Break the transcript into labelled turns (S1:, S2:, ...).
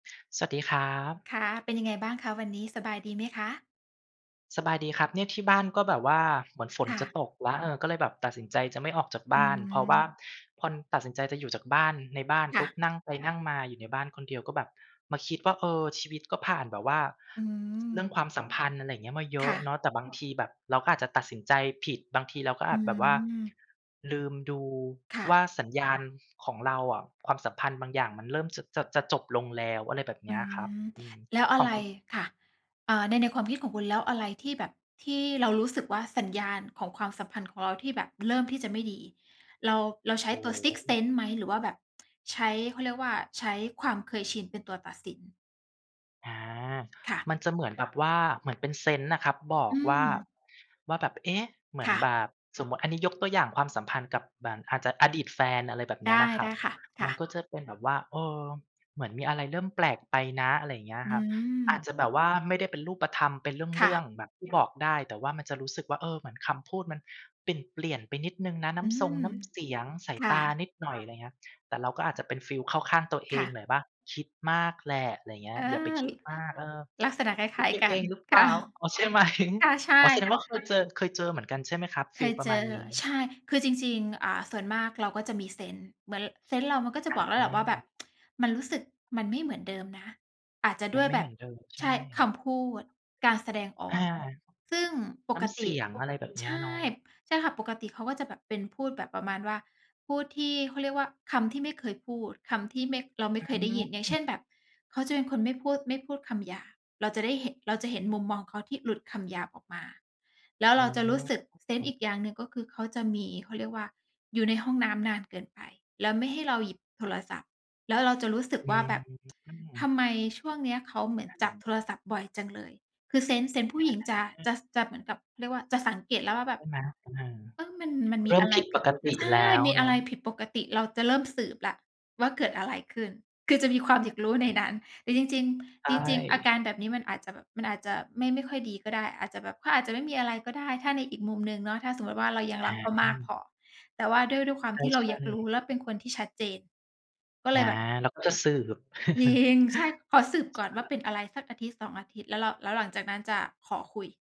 S1: สวัสดีครับ
S2: ค่ะ เป็นยังไงบ้างคะวันนี้ สบายดีไหมคะ?
S1: สบายดีครับ เนี่ยที่บ้านก็แบบว่า เหมือนฝ
S2: ค
S1: น
S2: ่
S1: จะ
S2: ะ
S1: ตกแล้ว เออ ก็เลยแบบตัดสินใจจะไม่ออกจาก
S2: อ
S1: บ
S2: ื
S1: ้าน เพราะว่า
S2: ม
S1: พอ ตัดสินใจจะอยู่จากบ้าน ในบ้าน
S2: ค
S1: ป
S2: ่
S1: ุ๊
S2: ะ
S1: บ นั่งไปนั่งมาอยู่ในบ้านคนเดียว ก็แบบมาคิดว่า "เออ ชีวิตก็ผ่านแบบว่า
S2: อื
S1: ส เรื
S2: ม
S1: ่องความสัมพันธ์ อะไรอย่างเงี้ย มาเย
S2: ค
S1: อะ
S2: ่
S1: เน
S2: ะ
S1: าะ" แต่บางทีแบบเราก็อาจจะตัดสินใจผิด บางทีเราก็อ
S2: อื
S1: าจแบบว่า
S2: ม
S1: ลืมดู
S2: ค่
S1: ว่า
S2: ะ
S1: สัญญาณของเราอะ ความสัมพันธ์บางอย่างมันเริ่มจะ จะ จะจบลงแล้ว อะไรแบบ
S2: อ
S1: เน
S2: ื
S1: ี้ย อะครับ
S2: ม
S1: อืม
S2: แล้วอ
S1: ข
S2: ะไ
S1: อง
S2: ร
S1: คุณ
S2: ค่ะ อา ใน ในความคิดของคุณ แล้วอะไรที่แบบ ที่เรารู้สึกว่า สัญญาณของความสัมพันธ์ของเราที่แบบเริ่มที่จะไม่ดี เรา เราใช
S1: โ
S2: ้
S1: อ
S2: ตัวซิกซท์เซ
S1: ้
S2: นส์ไหม? หรือว่าแบบ ใช้ เขาเรียกว่า ใช้ความเคยชินเป็นตัวตัดสิน?
S1: อา
S2: ค่ะ
S1: มันจะเหมือนแบบว่าเหมือนเป็นเซนส์น่ะครับ บอ
S2: อื
S1: กว่า
S2: ม
S1: ว่าแบบ "เอ๊ะ! เหมื
S2: ค
S1: อน
S2: ่
S1: แบ
S2: ะ
S1: บ" สมมุติอันนี้ยกตัวอย่างความสัมพันธ์กับเหมือน อาจจะอดีตแฟน อะไรแบบเ
S2: ไ
S1: น
S2: ด
S1: ี้ย
S2: ้
S1: นะคร
S2: ได
S1: ับ
S2: ้ค่ะ ค
S1: ม
S2: ่
S1: ัน
S2: ะ
S1: ก็จะเป็นแบบว่า เออ เหมือนมีอะไรเริ่มแปลกไปนะ อะไรอย่างเงี้ยอ
S2: อื
S1: ะครับ อา
S2: ม
S1: จจะแบบว่าไม่ได้เป็นรูปธรรมเป็นเร
S2: ค่
S1: ื่อ
S2: ะ
S1: ง ๆ แบบที่บอกได้ แต่ว่ามันจะรู้สึกว่า เออ เหมือนคำพูดมันเปลี่ยน ๆ ไปนิดหนึ่งนะ น
S2: อื
S1: ้ำทรง
S2: ม
S1: น้ำเสียง สา
S2: ค
S1: ย
S2: ่
S1: ตา
S2: ะ
S1: นิดหน่อย อะไรเงี้ย แต่เราก็อาจจะเป็นฟีลเข้าข้างตัวเอ
S2: ค่
S1: ง
S2: ะ
S1: หน่อยว่า "คิดมากแหละ" อะไรเงี้
S2: อา
S1: ย "อย่าไปค
S2: ล
S1: ิดมาก เออ
S2: ลักษณะค
S1: ค
S2: ล
S1: ิ
S2: ้
S1: ด
S2: าย
S1: ไป
S2: ๆ กั
S1: เอ
S2: น
S1: งหรือเ
S2: ค
S1: ป
S2: ่
S1: ล
S2: ะ
S1: ่า" อ๋อ ใช่ไหม
S2: ค่ะ ใช่
S1: อ๋อ แสดงว่า เคยเจอ เคยเจอเหมือนกันใช่ไหมครับ
S2: เ
S1: ฟ
S2: ค
S1: ีล
S2: ย
S1: ปร
S2: เ
S1: ะ
S2: จ
S1: มาณ
S2: อ
S1: นี
S2: ใ
S1: ้?
S2: ช่ คือจริง ๆ อ่า ส่วนมากเราก็จะมีเซนส์ เหมือนเซนส์เรามันก็จะบอกแล้วแหละว่า แบบ
S1: อา
S2: "มันรู้สึกมันไม่เหมือนเดิมนะ" อาจจะด
S1: มั
S2: ้
S1: น
S2: วย
S1: ไม่
S2: แบ
S1: เหม
S2: บ
S1: ือนเดิม ใ
S2: ใ
S1: ช
S2: ช่
S1: ่
S2: คำพูด การแสดงอ
S1: อ
S2: อ
S1: า
S2: ก ซึ่งป
S1: น้
S2: ก
S1: ำเ
S2: ต
S1: ส
S2: ิ
S1: ียง อะไรแบบเน
S2: ใ
S1: ี
S2: ช
S1: ้ย เ
S2: ่
S1: นาะ
S2: ใช่ค่ะ ปกติเขาก็จะแบบเป็นพูดแบบประมาณว่า พูดที่ เขาเรียกว่า คำที่ไม่เคยพูด คำที่ไม่ เราไม
S1: อ
S2: ่
S1: ื
S2: เคยได้ยิน อย่างเช
S1: ม
S2: ่น แบบ เขาจะเป็นคนไม่พูด ไม่พูดคำหยาบ เราจะได้เห็น เราจะเห็นมุมมองเขาที่หลุดคำหยาบออกมา แล้ว
S1: อ
S2: เราจะรู้สึก เซน
S1: ๋
S2: ส์อ
S1: อ
S2: ีกอย่างหนึ่ง ก็คือ เขาจะมี เขาเรียกว่า อยู่ในห้องน้ำนานเกินไป แล้วไม่ให้เราหยิบโทรศัพท์ แล้วเราจะรู้สึก
S1: อื
S2: ว่า แบบ ท
S1: ม
S2: ำไมช่วงเนี้ยเขาเหมือนจับ
S1: อา
S2: โทรศัพท์บ่อยจังเลย คือเซนส์ เซนส์ผู้หญิงจะ
S1: อา
S2: จะ ส จะเหมือนกับ เขาเรียกว่า จะสังเกตแล้วว่าแบ
S1: ใช
S2: บ
S1: ่ไหม? ตะเห่อ
S2: เอ้ย! มัน มันม
S1: เร
S2: ี
S1: ิ่
S2: อ
S1: ม
S2: ะไร
S1: ผิด
S2: ผ
S1: ป
S2: ิด
S1: กติ
S2: ใช่
S1: แล้ว
S2: มี
S1: เ
S2: อ
S1: น
S2: ะไ
S1: า
S2: ร
S1: ะ
S2: ผิดปกติ เราจะเริ่มสืบแล้วว่า เกิดอะไรขึ้น คือจะมีความอยากรู้ใน นั้น แต่จริง
S1: ใช
S2: ๆ จริง ๆ อา
S1: ่
S2: การแบบนี้มันอาจจะแบบ มันอาจจะไม่ ไม่ค่อยดีก็ได้ อาจจะแบบเขาอาจจะไม่มีอะไรก็ได้ ถ้าในอีกมุมหนึ่งเนาะ ถ้าสมมุติว่าเรายัง
S1: อ
S2: ร
S1: า
S2: ักเขา
S1: ห
S2: ม
S1: ื
S2: ากพ
S1: อ
S2: อ แต่ว่าด้วย ด้วยความ
S1: ใ
S2: ที่เรา
S1: ช
S2: อย
S1: ่
S2: ากรู้
S1: ๆ
S2: แล้วเป็นคนที่ชัดเจน ก็เ
S1: อ
S2: ล
S1: า
S2: ยแบบ
S1: เราก็จะสืบ
S2: ยิง
S1: ใ
S2: ใช่ ขอสืบก่อน
S1: ช
S2: ว่า
S1: ่
S2: เป็นอะไรสักอาทิตย์ 2 อาทิตย์ แล้วเรา แล้วหลังจากนั้นจะขอคุย